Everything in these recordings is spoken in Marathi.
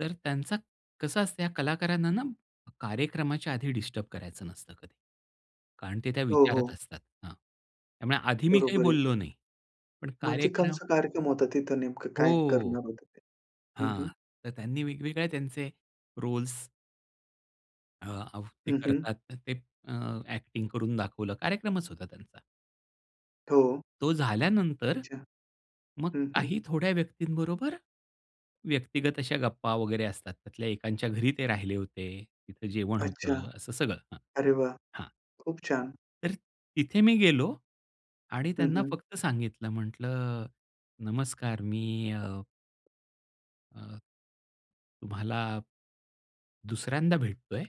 तर त्यांचा कसं असतं या कलाकारांना ना कार्यक्रमाच्या आधी डिस्टर्ब करायचं नसतं कधी. कारण ते त्या हो, विचारात हो. असतात. हां, त्यामुळे आधी मी काही बरोबर आहे. बोललो नाही. पण म्हणजे कार्यक्रम कोणता कार्यक्रम होता तिथे? नेमकं काय हो. करणार होते ते? हं, हं. हां. तर त्यांनी वेगवेगळ्या त्यांचे रोल्स. अ, अहो ते हं, हं. करतात ना ते अ, एक्टिंग करून दाखवलं कार्यक्रमच होता त्यांचा. हो. तो झाल्यानंतर. अच्छा. मग हं, हं. काही थोड्या व्यक्तीबरोबर, व्यक्तिगत अशा गप्पा वगैरे असतात. त्यातल्या एकांच्या घरी ते राहिले होते. तिथं जेवण अच्छा. होतं. असं सगळं हां. अरे वाह! हां. खूप छान! तर तिथे मी गेलो आणि हं, त्यांना हं. फक्त सांगितलं म्हंटलं, "नमस्कार मी अ" अ. "तुम्हाला 2ऱ्यांदा भेटतोय.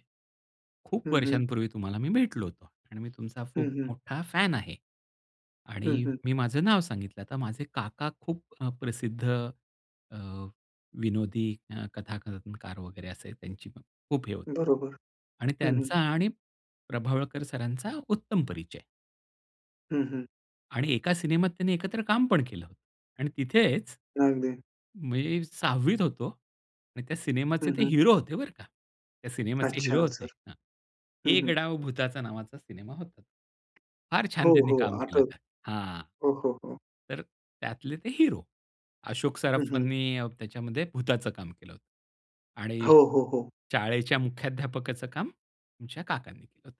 खूप हं, हं. वर्षांपूर्वी तुम्हाला मी भेटलो होतो. आणि मी तुमचा हं, खूप हं. मोठा फॅन आहे." हं, आणि हं. मी माझं नाव सांगितलं. आता माझे काका खूप अ, प्रसिद्ध अ, विनोदी अ, कथा कनकार वगैरे असे त्यांची खूप हे होती. बरोबर. आणि हं, हं. त्यांचा आणि प्रभावळकर सरांचा उत्तम परिचय. हं, हं. आणि एका सिनेमात त्यांनी एकत्र काम पण केलं. आणि तिथेच, अगदी. मी 6वीत होतो. आणि त्या सिनेमाचे हं, ते हं. हिरो होते, बरं का. त्या सिनेमाचे अच्छा! हिरो अ, होते. सर हां. हं, 'एक हं. डाव भुताचा' नावाचा सिनेमा होता. फार छान हो त्यांनी हो काम केलं. आठवल. हां. हो, हो, हो. तर त्यातले ते हिरो. अशोक हं, हं. सराफांनी त्याच्यामध्ये भुताचं काम केलं होतं आणि हो, हो, हो. शाळेच्या मुख्याध्यापकाचं काम आमच्या काकांनी केलं होतं.